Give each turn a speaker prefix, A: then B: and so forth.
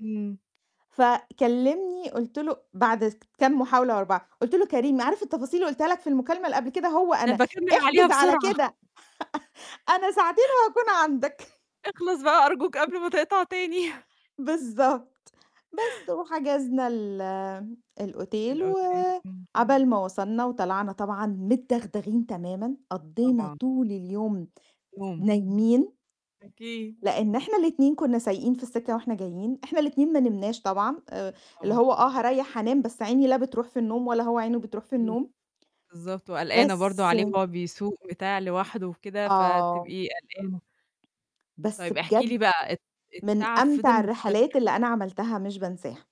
A: إمم.
B: فكلِّمني قُلت له بعد كام محاولة ورا بعض، قُلت له: "كريم عارف التفاصيل اللي قُلتها لك في المكالمة اللي قبل كده، هو
A: أنا
B: أنا.
A: باكمِّل عليها
B: احجز على
A: بسرعة.
B: كده، أنا ساعتين وهاكون عندك."
A: اخلص بقى أرجوك قبل ما تقطع تاني.
B: بالضبط، بس وحجزنا ال الأوتيل
A: الأوتيل إمم.
B: وعبال ما وصلنا وطلعنا طبعًا متدغدغين تمامًا، قضّينا
A: طبعًا.
B: طول اليوم
A: [unintelligible]
B: نايمين،
A: أكيد.
B: لإن إحنا الاتنين كُنّا سايقين في السِكّة وإحنا جايين، إحنا الاتنين ما نمناش طبعًا آآ، اللي
A: طبعًا.
B: هو آه، هاريّح هانام، بس عيني لا بترُوح في النوم ولا هو عينه بترُوح في
A: [unintelligible]
B: النوم.
A: بالضبط، وقلقانة برضه
B: بس
A: عليه وهو بيسوق بتاع لوحده وكده،
B: آه.
A: فتبقي قلقانة
B: بس
A: طيب، احكي لي
B: بجد،
A: بقى الت
B: من
A: التعب
B: أمتع
A: فِضِل
B: الرحلات
A: مستمر؟
B: اللي أنا عملتها مش بانساها.